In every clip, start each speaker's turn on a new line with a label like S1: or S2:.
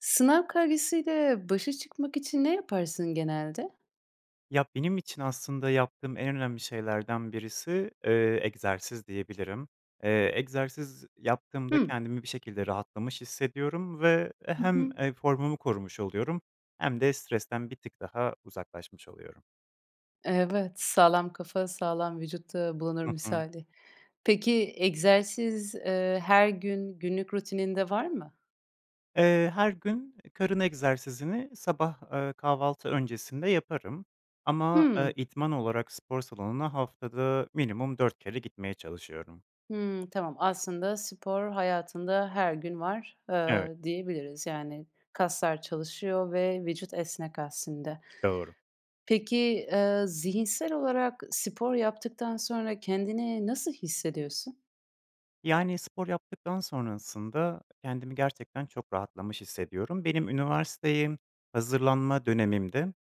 S1: Sınav kaygısıyle başa çıkmak için ne yaparsın genelde?
S2: Ya, benim için aslında yaptığım en önemli şeylerden birisi, eee, egzersiz diyebilirim. Eee, egzersiz yaptığımda
S1: Hıı.
S2: kendimi bir şekilde rahatlamış hissediyorum ve, e
S1: Hı
S2: hem,
S1: hı.
S2: eee, formumu korumuş oluyorum hem de stresten bir tık daha uzaklaşmış oluyorum.
S1: Evet, sağlam kafa, sağlam vücutta bulunur
S2: Hı hı.
S1: misali. Peki, egzersiz, eee, her gün günlük rutininde var mı?
S2: Eee, her gün karın egzersizini sabah, ııı, kahvaltı öncesinde yaparım, ama, eee,
S1: Hıı.
S2: idman olarak spor salonuna haftada minimum 4 kere gitmeye çalışıyorum.
S1: Hımm. Tamam, aslında, spor hayatında her gün var,
S2: Evet.
S1: ııı, diyebiliriz. Yani, kaslar çalışıyor ve vücut esnek aslında.
S2: Doğru.
S1: Peki, eee, zihinsel olarak spor yaptıktan sonra kendini nasıl hissediyorsun?
S2: Yani, spor yaptıktan sonrasında kendimi gerçekten çok rahatlamış hissediyorum. Benim üniversiteye hazırlanma dönemimdi,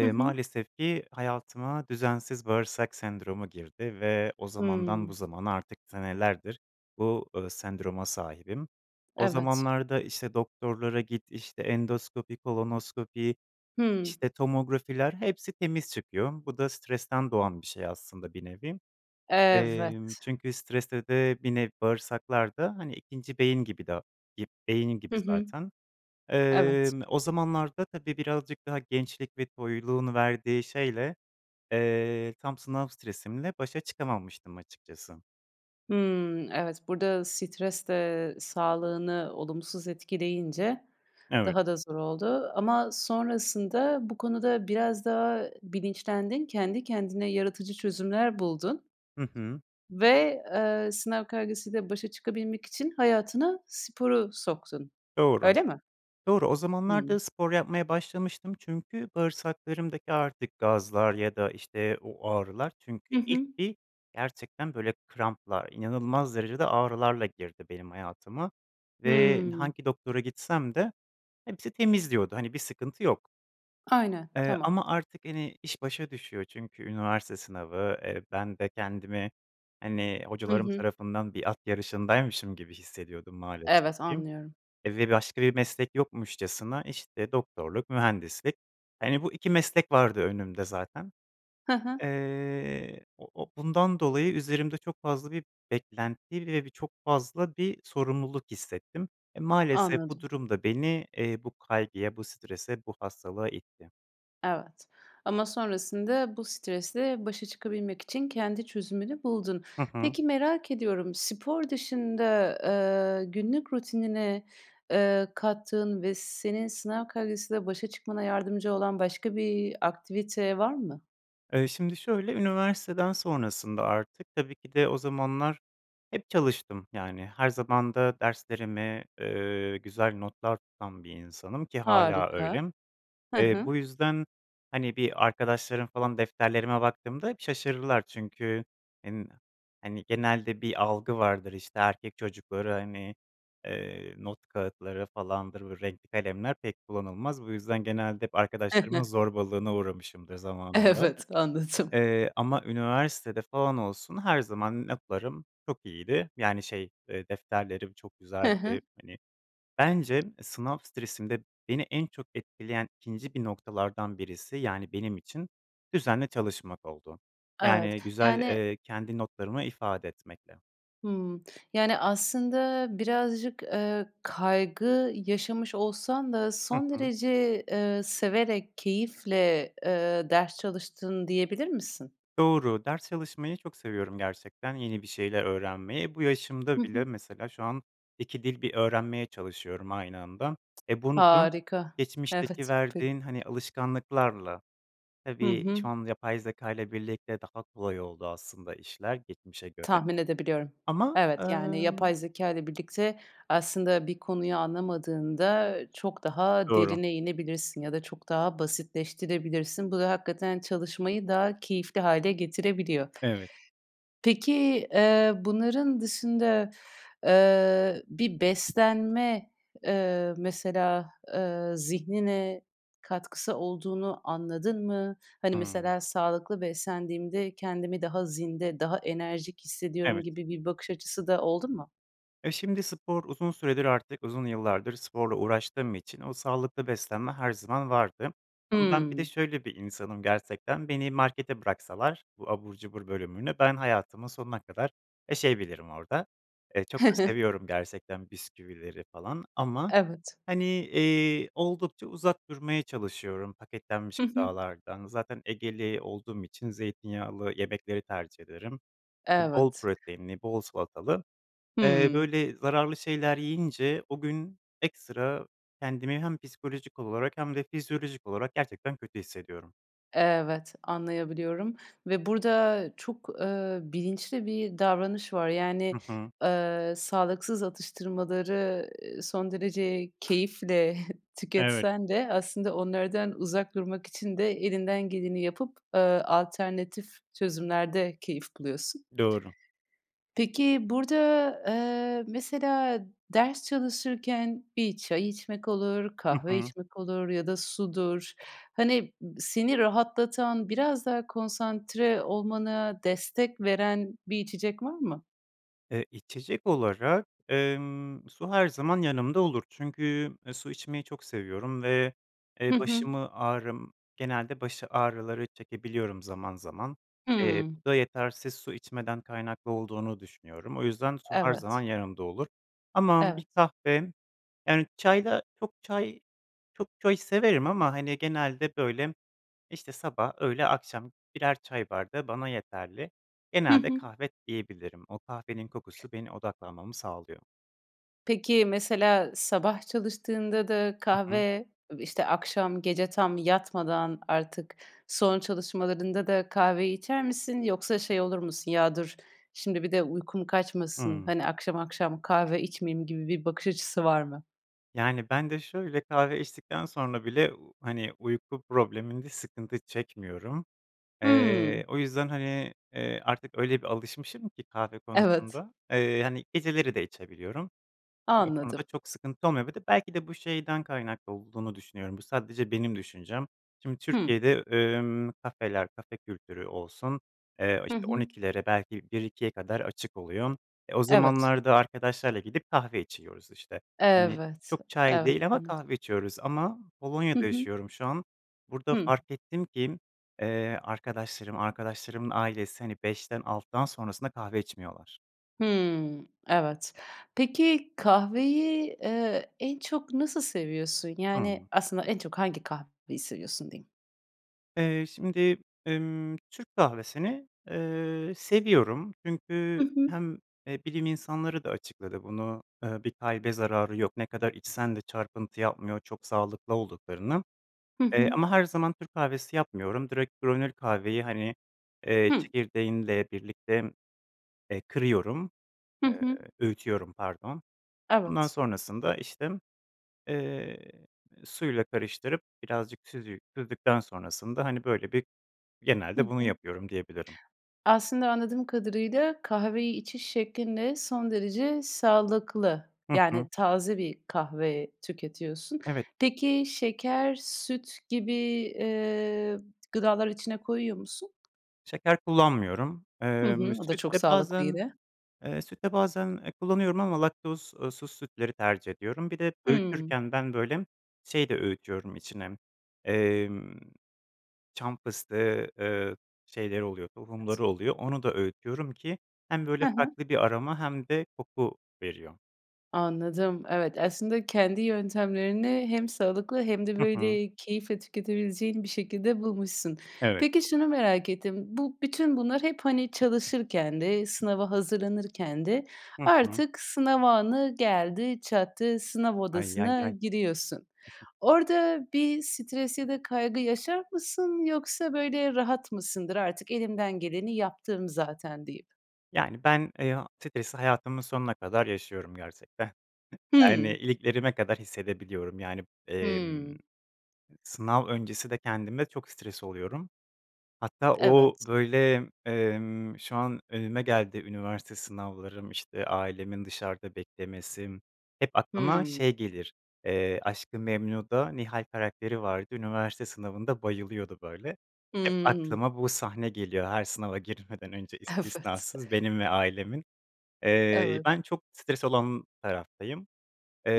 S1: Hı hı.
S2: maalesef ki hayatıma düzensiz bağırsak sendromu girdi ve o zamandan bu
S1: Hımm.
S2: zamana artık senelerdir bu, ııı, sendroma sahibim. O
S1: Evet.
S2: zamanlarda, işte, doktorlara git, işte, endoskopi, kolonoskopi,
S1: Hıı.
S2: işte, tomografiler hepsi temiz çıkıyor. Bu da stresten doğan bir şey aslında bir nevi. Emm,
S1: Evet.
S2: çünkü stresle de bir nevi bağırsaklar da, hani, ikinci beyin gibi de, gib beyin
S1: Hı
S2: gibi
S1: hı.
S2: zaten.
S1: Evet.
S2: Emm, o zamanlarda, tabii, birazcık daha gençlik ve toyluğun verdiği şeyle, eee, tam sınav stresimle başa çıkamamıştım açıkçası.
S1: Hımm, evet burada stres de sağlığını olumsuz etkileyince
S2: Evet.
S1: daha da zor oldu ama sonrasında bu konuda biraz daha bilinçlendin. Kendi kendine yaratıcı çözümler buldun.
S2: Hı hı.
S1: Ve, ııı, sınav kaygısıyla başa çıkabilmek için hayatına sporu soktun.
S2: Doğru.
S1: Öyle mi?
S2: Doğru, o zamanlar
S1: Hıı.
S2: da spor yapmaya başlamıştım çünkü bağırsaklarımdaki artık gazlar ya da işte o ağrılar çünkü
S1: Hı
S2: ilk
S1: hı.
S2: bir gerçekten böyle kramplar, inanılmaz derecede ağrılarla girdi benim hayatıma ve
S1: Hıı.
S2: hangi doktora gitsem de hepsi temiz diyordu, hani bir sıkıntı yok.
S1: Aynen,
S2: Eee,
S1: tamam.
S2: ama artık hani iş başa düşüyor çünkü üniversite sınavı, eee, ben de kendimi hani
S1: Hı
S2: hocalarım
S1: hı.
S2: tarafından bir at yarışındaymışım gibi hissediyordum maalesef
S1: Evet,
S2: ki
S1: anlıyorum.
S2: ve başka bir meslek yokmuşçasına işte doktorluk, mühendislik, hani bu 2 meslek vardı önümde zaten.
S1: Hı hı.
S2: Iıı, o o bundan dolayı üzerimde çok fazla bir beklenti ve bir çok fazla bir sorumluluk hissettim. E, maalesef bu
S1: Anladım.
S2: durum da beni, ııı, bu kaygıya, bu strese, bu hastalığa itti.
S1: Evet. Ama sonrasında bu stresle başa çıkabilmek için kendi çözümünü buldun.
S2: Hı hı.
S1: Peki merak ediyorum, spor dışında, ııı, günlük rutinine, ııı, kattığın ve senin sınav kaygısıyla başa çıkmana yardımcı olan başka bir aktivite var mı?
S2: Iıı, şimdi şöyle üniversiteden sonrasında artık tabii ki de o zamanlar hep çalıştım, yani her zaman da derslerimi, ııı, güzel notlar tutan bir insanım ki hâlâ
S1: Harika,
S2: öyle.
S1: hı
S2: Eee,
S1: hı.
S2: bu yüzden hani bir arkadaşlarım falan defterlerime baktığımda şaşırdılar çünkü hen hani genelde bir algı vardır, işte erkek çocukları, hani, ııı, not kağıtları falandır, renkli kalemler pek kullanılmaz. Bu yüzden genelde hep arkadaşlarımın zorbalığına uğramışımdır zamanında,
S1: Evet, anladım.
S2: ııı, ama üniversitede falan olsun her zaman notlarım çok iyiydi. Yani şey, ııı, defterlerim çok
S1: Hı
S2: güzeldi.
S1: hı.
S2: Hani bence sınav stresinde beni en çok etkileyen 2'nci bir noktalardan birisi yani benim için düzenli çalışmak oldu.
S1: Evet.
S2: Yani güzel,
S1: Yani
S2: ııı, kendi notlarımı ifade etmekle.
S1: Hımm, yani aslında birazcık, ııı, kaygı yaşamış olsan da
S2: Hı
S1: son
S2: hı.
S1: derece, ııı, severek keyifle, ııı, ders çalıştın diyebilir misin?
S2: Doğru, ders çalışmayı çok seviyorum gerçekten yeni bir şeyler öğrenmeyi, e, bu
S1: Hı
S2: yaşımda bile
S1: hı.
S2: mesela şu an 2 dil bir öğrenmeye çalışıyorum aynı anda, e, bunu da
S1: Harika.
S2: geçmişteki
S1: Evet, pe
S2: verdiğin hani alışkanlıklarla,
S1: Hı
S2: tabii
S1: hı.
S2: şu an yapay zekâyla birlikte daha kolay oldu aslında işler geçmişe göre
S1: Tahmin edebiliyorum.
S2: ama,
S1: Evet, yani
S2: ııı
S1: yapay zekâyla birlikte aslında bir konuyu anlamadığında çok daha
S2: Doğru.
S1: derine inebilirsin ya da çok daha basitleştirebilirsin. Bu da hakikaten çalışmayı daha keyifli hâle getirebiliyor.
S2: Evet.
S1: Peki, ııı, bunların dışında, ııı, bir beslenme, ııı, mesela, ııı, zihnine katkısı olduğunu anladın mı? Hani
S2: Hıı.
S1: mesela sağlıklı beslendiğimde kendimi daha zinde, daha enerjik hissediyorum
S2: Evet.
S1: gibi bir bakış açısı da oldu mu?
S2: E, şimdi spor uzun süredir artık uzun yıllardır sporla uğraştığım için o sağlıklı beslenme her zaman vardı. Ama ben bir de
S1: Hıı.
S2: şöyle bir insanım gerçekten, beni markete bıraksalar bu abur cubur bölümünü, ben hayatımın sonuna kadar yaşayabilirim orada. Iıı, çok da seviyorum gerçekten bisküvileri falan, ama
S1: Evet.
S2: hani, ııı, oldukça uzak durmaya çalışıyorum paketlenmiş
S1: Hı hı.
S2: gıdalardan. Zaten Egeli olduğum için zeytinyağlı yemekleri tercih ederim. Iıı, bol
S1: Evet.
S2: proteinli bol salatalı. Eee,
S1: Hıı.
S2: böyle zararlı şeyler yiyince o gün ekstra kendimi hem psikolojik olarak hem de fizyolojik olarak gerçekten kötü hissediyorum.
S1: Evet, anlayabiliyorum ve burada çok, ııı, bilinçli bir davranış var. Yani,
S2: Hı hı.
S1: ııı, sağlıksız atıştırmaları, eee, son derece keyifle
S2: Evet.
S1: tüketsen de aslında onlardan uzak durmak için de elinden geleni yapıp, ııı, alternatif çözümlerde keyif buluyorsun.
S2: Doğru.
S1: Peki burada, ııı, mesela ders çalışırken bir çay içmek olur,
S2: Hı
S1: kahve
S2: hı.
S1: içmek olur ya da sudur. Hani seni rahatlatan biraz daha konsantre olmana destek veren bir içecek var mı?
S2: E, içecek olarak, ımm, su her zaman yanımda olur çünkü, ııı, su içmeyi çok seviyorum ve,
S1: Hı
S2: eee,
S1: hı.
S2: başımı ağrım genelde baş ağrıları çekebiliyorum zaman zaman. Eee,
S1: Hıı.
S2: bu da yetersiz su içmeden kaynaklı olduğunu düşünüyorum. O yüzden su her zaman
S1: Evet.
S2: yanımda olur. Ama
S1: Evet.
S2: bir kahve, yani çayla çok çay çok çay severim ama hani genelde böyle işte sabah, öğle, akşam birer çay bardağı bana yeterli.
S1: Hı
S2: Genelde
S1: hı.
S2: kahve diyebilirim, o kahvenin kokusu beni odaklanmamı sağlıyor.
S1: Peki mesela sabah çalıştığında da
S2: Hı hı.
S1: kahve işte akşam gece tam yatmadan artık son çalışmalarında da kahveyi içer misin yoksa şey olur musun ya dur, şimdi bir de uykum kaçmasın,
S2: Hıı.
S1: hani akşam akşam kahve içmeyeyim gibi bir bakış açısı var mı?
S2: Yani ben de şöyle kahve içtikten sonra bile, ııı, hani uyku probleminde sıkıntı çekmiyorum.
S1: Hıı.
S2: Iıı, o yüzden hani, ııı, artık öyle bir alışmışım ki kahve
S1: Evet.
S2: konusunda, ııı, hani geceleri de içebiliyorum. Bu
S1: Anladım.
S2: konuda çok sıkıntı olmuyor, bir de belki de bu şeyden kaynaklı olduğunu düşünüyorum, bu sadece benim düşüncem. Şimdi
S1: Hıı.
S2: Türkiye'de ımm kafeler, kafe kültürü olsun, ııı,
S1: Hı
S2: işte on
S1: hı.
S2: ikilere belki 1-2'ye kadar açık oluyor. E, o
S1: Evet.
S2: zamanlarda arkadaşlarla gidip kahve içiyoruz işte, hani
S1: Evet,
S2: çok çay
S1: evet,
S2: değil ama
S1: anladım.
S2: kahve içiyoruz ama
S1: Hı
S2: Polonya'da
S1: hı.
S2: yaşıyorum şu an. Burada
S1: Hıı.
S2: fark ettim ki, ııı, arkadaşlarım, arkadaşlarımın ailesi hani 5'ten- 6'dan sonrasında kahve içmiyorlar.
S1: Hımm. Evet. Peki kahveyi, eee, en çok nasıl seviyorsun? Yani
S2: Hıı.
S1: aslında en çok hangi kahveyi seviyorsun diyeyim?
S2: Eee, şimdi, emm, Türk kahvesini, eee, seviyorum, çünkü
S1: Hı hı.
S2: hem, eee, bilim insanları da açıkladı bunu, eee, bir kalbe zararı yok, ne kadar içsen de çarpıntı yapmıyor çok sağlıklı olduklarını,
S1: Hı
S2: eee,
S1: hı.
S2: ama her zaman Türk kahvesi yapmıyorum, direkt granül kahveyi hani, eee,
S1: Hıı.
S2: çekirdeğinle birlikte, eee, kırıyorum,
S1: Hı
S2: eee,
S1: hı.
S2: öğütüyorum, pardon. Ondan
S1: Evet.
S2: sonrasında işte, eee, suyla karıştırıp birazcık süzü süzdükten sonrasında hani böyle bir
S1: Hı
S2: genelde bunu
S1: hı.
S2: yapıyorum diyebilirim.
S1: Aslında anladığım kadarıyla kahveyi içiş şeklinde son derece sağlıklı,
S2: Hı hı.
S1: yani taze bir kahve tüketiyorsun.
S2: Evet.
S1: Peki şeker, süt gibi, eee, gıdaları içine koyuyor musun?
S2: Şeker kullanmıyorum.
S1: Hı
S2: Emm,
S1: hı, o da
S2: süt
S1: çok
S2: de
S1: sağlıklı
S2: bazen
S1: yine.
S2: Eee, süt de bazen kullanıyorum ama laktoz eee, suz sütleri tercih ediyorum. Bir de
S1: Hımm.
S2: öğütürken ben, böyle, şey de öğütüyorum içine, emm, çam fıstığı, ııı, şeyleri oluyor,
S1: [unintelligible]
S2: tohumları oluyor. Onu da öğütüyorum ki hem
S1: Hı
S2: böyle
S1: hı.
S2: farklı bir aroma hem de koku veriyor.
S1: Anladım, evet, aslında kendi yöntemlerini hem sağlıklı hem de,
S2: Hı hı.
S1: böyle, keyifle tüketebileceğin bir şekilde bulmuşsun.
S2: Evet.
S1: Peki şunu merak ettim, bu bütün bunlar hep, hani, çalışırken de, sınava hazırlanırken de
S2: Hı hı.
S1: artık sınav anı geldi çattı, sınav
S2: Ay, yay
S1: odasına
S2: yay.
S1: giriyorsun. Orada bir stres ya da kaygı yaşar mısın yoksa, böyle, rahat mısındır "Artık elimden geleni yaptım zaten," deyip.
S2: Yani, ben, e a stresi hayatımın sonuna kadar yaşıyorum gerçekten. Yani,
S1: Hımm.
S2: iliklerime kadar hissedebiliyorum yani, emm,
S1: Hımm.
S2: sınav öncesi de kendime çok stres oluyorum. Hatta o
S1: Evet.
S2: böyle, emm, şu an önüme geldi üniversite sınavlarım, işte ailemin dışarıda beklemesi hep aklıma
S1: Hımm.
S2: şey gelir, eee, Aşkı Memnu'da Nihal karakteri vardı, üniversite sınavında bayılıyordu böyle. Hep
S1: Hımm.
S2: aklıma bu sahne geliyor, her sınava girmeden önce
S1: Evet.
S2: istisnasız benim ve ailemin. Eee,
S1: Evet.
S2: ben çok stres olan taraftayım.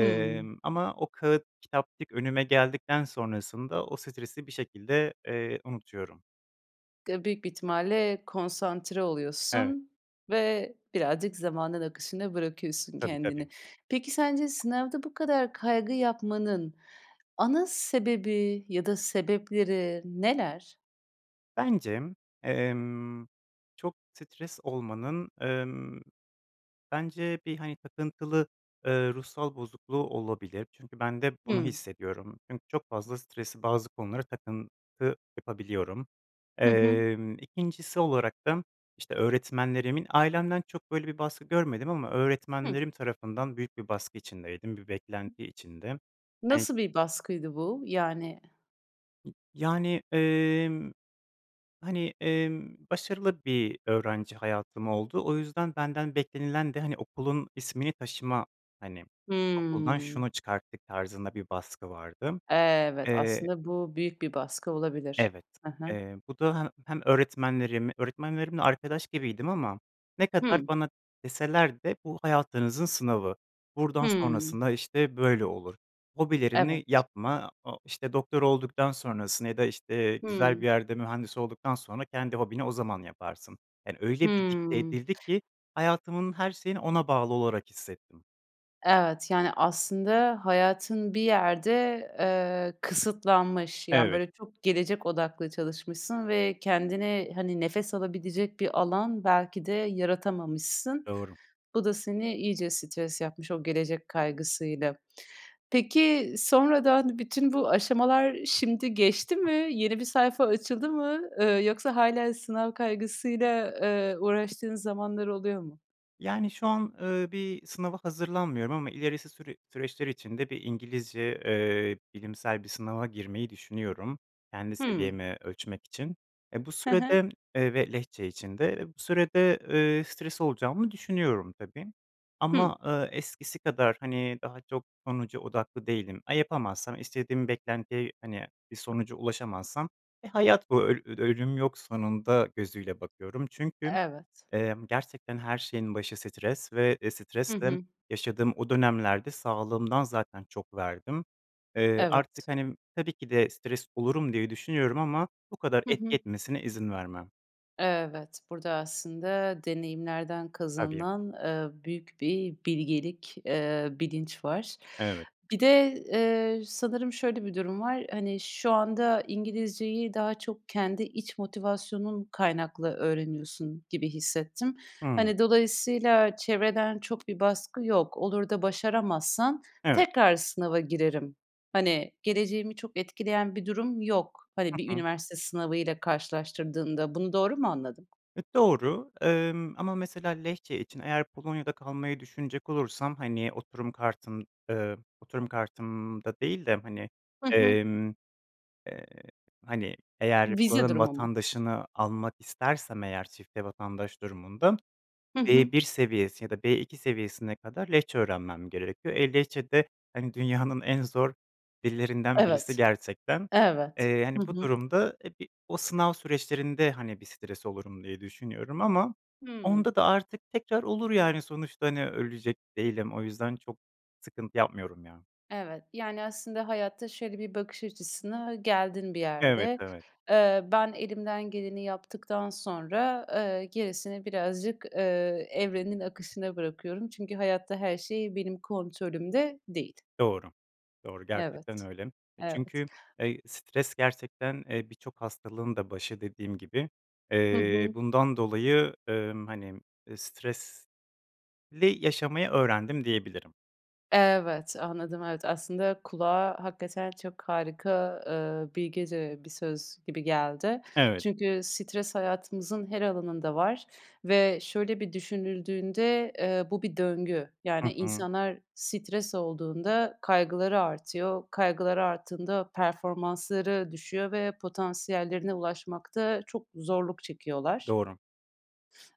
S1: Hımm.
S2: ama o kâğıt kitapçık önüme geldikten sonrasında o stresi bir şekilde, eee, unutuyorum.
S1: Ga büyük bir ihtimalle konsantre
S2: Evet.
S1: oluyorsun ve birazcık zamanın akışına bırakıyorsun
S2: Tabii,
S1: kendini.
S2: tabii.
S1: Peki, sence sınavda bu kadar kaygı yapmanın ana sebebi ya da sebepleri neler?
S2: Bence, emm, çok stres olmanın, emm, bence bir hani takıntılı, ııı, ruhsal bozukluğu olabilir çünkü ben de bunu
S1: Hıı.
S2: hissediyorum. Çünkü çok fazla stresi bazı konulara takıntı yapabiliyorum.
S1: Hı hı.
S2: Emm, 2'ncisi olarak da işte öğretmenlerimin ailemden çok böyle bir baskı görmedim ama
S1: Hıh.
S2: öğretmenlerim tarafından büyük bir baskı içindeydim, bir
S1: [unintelligible]
S2: beklenti içinde. Hani
S1: Nasıl bir baskıydı bu yani?
S2: N yani, emm, hani, emm, başarılı bir öğrenci hayatım oldu. O yüzden benden beklenilen de hani okulun ismini taşıma, hani okuldan
S1: Hıı.
S2: şunu çıkarttık tarzında bir baskı vardı.
S1: Evet
S2: Eee
S1: aslında bu büyük bir baskı olabilir.
S2: Evet,
S1: He he.
S2: eee, bu da he hem öğretmenlerim, öğretmenlerimle arkadaş gibiydim ama ne kadar
S1: Hıı.
S2: bana deseler de bu hayatınızın sınavı, buradan
S1: Hıı
S2: sonrasında işte böyle olur, hobilerini
S1: Evet.
S2: yapma a o işte doktor olduktan sonrasını ya da işte güzel
S1: Hıı.
S2: bir yerde mühendis olduktan sonra kendi hobini o zaman yaparsın. Yani öyle bir dikte
S1: Hıı.
S2: edildi ki hayatımın her şeyini ona bağlı olarak hissettim.
S1: Evet, yani, aslında hayatın bir yerde, eee, kısıtlanmış. Yani,
S2: Evet.
S1: böyle, çok gelecek odaklı çalışmışsın ve kendine, hani, nefes alabilecek bir alan belki de yaratamamışsın.
S2: Doğru.
S1: Bu da seni iyice stres yapmış o gelecek kaygısıyla. Peki sonradan bütün bu aşamalar şimdi geçti
S2: Hı.
S1: mi? Yeni bir sayfa açıldı mı? Eee, yoksa hâlâ sınav kaygısıyla, eee, uğraştığın zamanlar oluyor mu?
S2: Yani, şu an, ııı, bir sınava hazırlanmıyorum ama ilerisi süre süreçler içinde bir İngilizce, eee, bilimsel bir sınava girmeyi düşünüyorum kendi
S1: Hımm.
S2: seviyemi ölçmek için. Eee, bu
S1: Hı hı.
S2: sürede Eee, ve Lehçe için de. Eee, bu sürede, eee, stres olacağımı düşünüyorum tabii
S1: Hımm.
S2: ama, ııı, eskisi kadar, hani, daha çok sonuca odaklı değilim. A, yapamazsam, istediğim beklentiye, hani, bir sonuca ulaşamazsam, "E, hayat bu öl öd ölüm yok sonunda." gözüyle bakıyorum. Çünkü,
S1: Evet.
S2: emm, gerçekten her şeyin başı stres ve, eee,
S1: Hı
S2: stresle
S1: hı.
S2: yaşadığım o dönemlerde sağlımdan zaten çok verdim. Eee, artık,
S1: Evet.
S2: hani tabii ki de stres olurum diye düşünüyorum ama bu kadar
S1: Hı
S2: etki
S1: hı.
S2: etmesine izin vermem.
S1: Evet. Burada aslında deneyimlerden
S2: Tabii.
S1: kazanılan, eee, büyük bir bilgelik, eee, bilinç var.
S2: Evet.
S1: Bir de, eee, sanırım şöyle bir durum var, hani, şu anda İngilizceyi daha çok kendi iç motivasyonun kaynaklı öğreniyorsun gibi hissettim.
S2: Hımm.
S1: Hani, dolayısıyla çevreden çok bir baskı yok. Olur da başaramazsan,
S2: Evet.
S1: "Tekrar sınava girerim. Hani, geleceğimi çok etkileyen bir durum yok." Hani, bir
S2: Hı hı.
S1: üniversite sınavıyla karşılaştırdığında, bunu doğru mu anladım?
S2: E, doğru, emm, ama mesela Lehçe için eğer Polonya'da kalmayı düşünecek olursam, hani, oturum kartım, eee Oturum kartımda değil de, hani,
S1: Hı hı.
S2: emm, eee, hani, eğer
S1: Vize
S2: buranın
S1: durumu mu?
S2: vatandaşını almak istersem eğer çifte vatandaş durumunda
S1: Hı hı.
S2: B1 seviyesi ya da B2 seviyesine kadar Lehçe öğrenmem gerekiyor. E, Lehçe de, hani, dünyanın en zor dillerinden birisi
S1: Evet.
S2: gerçekten.
S1: Evet.
S2: Eee,
S1: Hı
S2: hani, bu
S1: hı.
S2: durumda, e, bi o sınav süreçlerinde, hani, bir stres olurum diye düşünüyorum ama
S1: Hımm.
S2: onda da artık tekrar olur, yani, sonuçta, hani, ölecek değilim. O yüzden çok sıkıntı yapmıyorum ya.
S1: Evet, yani, aslında hayatta şöyle bir bakış açısına geldin bir
S2: Evet,
S1: yerde.
S2: evet.
S1: Eee, "Ben elimden geleni yaptıktan sonra, eee, gerisini birazcık, eee, evrenin akışına bırakıyorum. Çünkü hayatta her şey benim kontrolümde değil."
S2: Doğru. Doğru, gerçekten
S1: Evet,
S2: öyle. E,
S1: evet.
S2: çünkü, eee, stres gerçekten, eee, birçok hastalığın da başı dediğim gibi,
S1: Hı
S2: eee,
S1: hı.
S2: bundan dolayı, emm, hani, eee, stresli yaşamayı öğrendim, diyebilirim.
S1: Evet, anladım, evet. Aslında kulağa hakikaten çok harika, eee, bilgece bir söz gibi geldi.
S2: Evet.
S1: Çünkü stres hayatımızın her alanında var ve şöyle bir düşünüldüğünde, eee, bu bir döngü. Yani,
S2: Hı hı.
S1: insanlar stres olduğunda kaygıları artıyor. Kaygıları arttığında performansları düşüyor ve potansiyellerine ulaşmakta çok zorluk çekiyorlar.
S2: Doğru.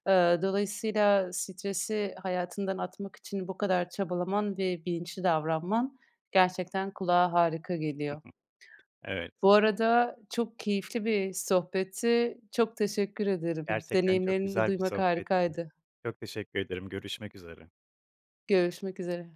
S1: Aaa, dolayısıyla stresi hayatından atmak için bu kadar çabalaman ve bilinçli davranman gerçekten kulağa harika
S2: Hı
S1: geliyor.
S2: hı. Evet.
S1: Bu arada çok keyifli bir sohbetti, çok teşekkür ederim.
S2: Gerçekten çok
S1: Deneyimlerini
S2: güzel bir
S1: duymak
S2: sohbetti.
S1: harikaydı.
S2: Çok teşekkür ederim, görüşmek üzere.
S1: Görüşmek üzere.